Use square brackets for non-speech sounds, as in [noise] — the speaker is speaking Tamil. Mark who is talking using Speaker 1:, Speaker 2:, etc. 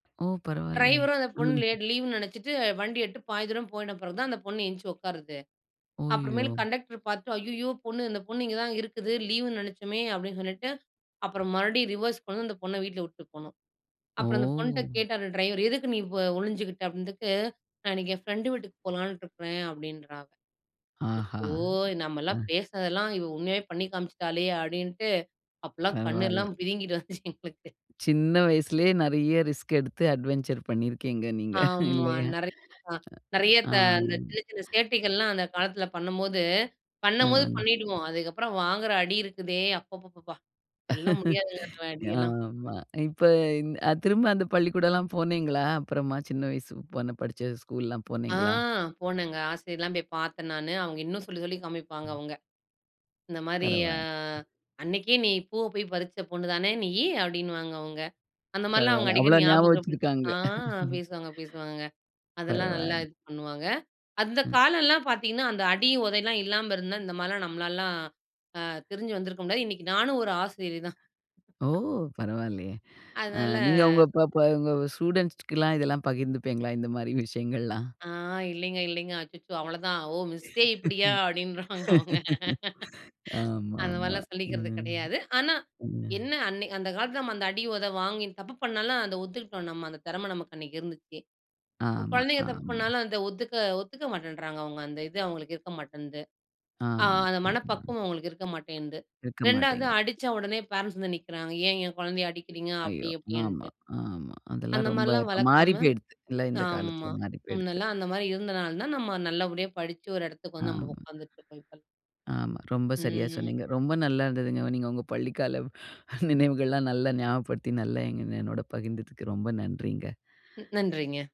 Speaker 1: ஓ! பரவாயில்லையே.
Speaker 2: டிரைவர் அந்தப் பொண்ணு
Speaker 1: ம்.
Speaker 2: லீவு லே
Speaker 1: [chuckles]
Speaker 2: நெனைச்சுட்டு வண்டி ஏட்டு பாதி தூரம் போயிட்ட பிறகு தான் அந்தப் பொண்ணு எந்திரிச்சு உக்காருது. அப்புறம்
Speaker 1: அய்யோ!
Speaker 2: மேல் கண்டக்டர் பாத்து. அய்யய்யோ பொண்ணு. அந்தப் பொண்ணு இங்க தான் இருக்குது. லீவுன்னு நெனைச்சமே அப்டின்னு சொல்லிட்டு அப்புறம் ரிவெர்ஸ் கொண்டு அந்தப் பொண்ண வீட்ல விட்டுப் போனோம். அப்புறம் அந்தப் பொண்ணுட்ட
Speaker 1: ஓ!
Speaker 2: கேட்டார் டிரைவரு, எதுக்கு நீ ஒளிஞ்சுக்கிட்ட அப்டினதுக்கு அதுக்கு நான் என் ஃபிரன்ட் வீட்டுக்குப் போலான்னு இருக்கிறேன் அப்டின்றா அவ
Speaker 1: ஆஹா.
Speaker 2: அச்சோ!
Speaker 1: ஆ.
Speaker 2: நமெல்லாம் பேசதெல்லாம் உண்மையாவே பண்ணி காமிச்சிட்டாலே அப்டின்ட்டு அப்பல்லாம்
Speaker 1: பரவாயில்ல.
Speaker 2: கண்ணெல்லாம் பிதுங்கிட்டு வந்துச்சு எங்களுக்கு.
Speaker 1: சின்ன வயசுலயே நறைய ரிஸ்க் எடுத்து அட்வென்சர் பண்ணியிருக்கீங்க நீங்க.
Speaker 2: ஆமா
Speaker 1: இல்லையா?
Speaker 2: நறைய நறைய த
Speaker 1: ஆம்.
Speaker 2: இந்தச் சின்ன சின்னச் சேட்டைகள்லாம் அந்தக் காலத்துல பண்ணும்போது,
Speaker 1: ஆ.
Speaker 2: பண்ணும்போது பண்ணிடுவோம். அதுக்கப்புறம் வாங்குற அடி இருக்குதே. அப்ப அப்பப் பா. சொல்லா முடியாது. அந்த
Speaker 1: [laughs]
Speaker 2: அடியெல்லாம்.
Speaker 1: ஆமா, இப்ப இந் திரும்ப அந்தப் பள்ளிக்கூடம்லாம் போனீங்களா? அப்புறமா சின்ன வயசு போன படிச்ச ஸ்கூல்லாம்
Speaker 2: ஆ
Speaker 1: போனீங்களா?
Speaker 2: போனங்க ஆசிரியரெல்லாம் போய்ப் பாத்து நானு. அவங்க இன்னும் சொல்லிச், சொல்லி காமிப்பாங்க.
Speaker 1: ம்.
Speaker 2: அவங்க, இந்த மாரி ஆ
Speaker 1: பரவாயில்ல.
Speaker 2: அன்னைக்கே நீ பூவ போய் பறிச்ச பொண்ணுதானே நீயி அப்டின்னு வாங்க. அவங்க அந்த மாரிலாம்
Speaker 1: பரவாயில்ல.
Speaker 2: அடிக்கடி
Speaker 1: அவ்வளோ ஞாபகம்
Speaker 2: ஞாபகம் படுத்தி
Speaker 1: வச்சிருக்காங்க.
Speaker 2: ஆ பேசுவாங்க பேசுவாங்கங்க. அதெல்லாம் நல்லா
Speaker 1: பரவாயில்ல.
Speaker 2: இது பண்ணுவாங்க. அந்தக்
Speaker 1: ம்.
Speaker 2: காலெல்லாம் பாத்தீங்கன்னா, அந்த அடி, உதைல்லாம் இல்லாம இருந்தா இந்த மாரிலாம் நம்மளால அ தெரிஞ்சு வந்திருக்க முடியாது. இன்னைக்கு நானும் ஒரு ஆசிரியர் தான்.
Speaker 1: ஓ!
Speaker 2: [chuckles]
Speaker 1: பரவாயில்லையே. ஆ நீங்க
Speaker 2: அதனால.
Speaker 1: ப ப உங்க ஸ்டுடென்ட்ஸ்லாம் இதெல்லாம் பகிர்ந்துப்பீங்களா? இந்த மாரி விஷயங்கள்லாம்.
Speaker 2: ஆ, இல்லைங்க இல்லைங்க. அச்சச்சோ அவ்வளோ தான். ஓ! மிஸ்ஸே. இப்டியா? அப்டின்னுருவாங்க. அவங்க,
Speaker 1: ஆமா.
Speaker 2: அந்த
Speaker 1: ஆமா.
Speaker 2: மாரில்லாம் சொல்லிக்கிறது
Speaker 1: ம்.
Speaker 2: கிடையாது. ஆனா,
Speaker 1: ம்.
Speaker 2: என்ன அன் அந்தக் காலத்துல அந்த அடி, உத வாங்கி தப்பு பண்ணாலும் அத ஒத்துக்கிட்டோம் நம்ம. அந்தத் திறமை நமக்கு அன்னைக்கு இருந்துச்சு. இப்ப
Speaker 1: ஆமா,
Speaker 2: குழந்தைங்க தப்பு
Speaker 1: ஆமா.
Speaker 2: பண்ணாலும் அதை ஒதுக்க ஒத்துக்க மாட்டேன்றாங்க. அவங்க, அந்த இது அவங்களுக்கு இருக்க மாட்டேங்குது. ஆ
Speaker 1: ஆமா.
Speaker 2: அந்த
Speaker 1: ஆமா.
Speaker 2: மனப்பக்குவம் அவங்களுக்கு இருக்க மாட்டேங்குது.
Speaker 1: இருக்க
Speaker 2: 2வது
Speaker 1: மாட்டேங்குது.
Speaker 2: அடிச்ச உடனே பரென்ட்ஸ் வந்து நிக்கறாங்க. ஏன் எங்க குழந்தைய அடிக்கறீங்க? அப்டி
Speaker 1: அய்யோ! ஆமா,
Speaker 2: இப்டின்ட்டு.
Speaker 1: ஆமா. அதெல்லாம்
Speaker 2: அந்த
Speaker 1: ரொம்ப
Speaker 2: மாரிலாம்
Speaker 1: இப்ப
Speaker 2: வளர்க்காம.
Speaker 1: மாறிப்போயிடுத்து, எல்லாம் இந்தக்
Speaker 2: ஆமா.
Speaker 1: காலத்துல மாறிப்போயிடுத்து.
Speaker 2: முன்னெல்லாம் அந்த மாரி இருந்தனால தான் நம்ம நல்லபடியா படிச்சு ஒரு இடத்துக்கு வந்து நம்ம
Speaker 1: ஆமா.
Speaker 2: உக்காந்துட்டு இருக்கோம். இப்ப,
Speaker 1: ஆமா. ரொம்ப சரியா
Speaker 2: ம்.
Speaker 1: சொன்னீங்க. ரொம்ப நல்லா இருந்ததுங்க. நீங்க உங்க பள்ளி கால நினைவுகள்லாம் நல்லா ஞாபகப்படுத்தி நல்லா என்னோட பகிர்ந்துக்கு. ரொம்ப நன்றிங்க.
Speaker 2: ம். நன்றிங்க.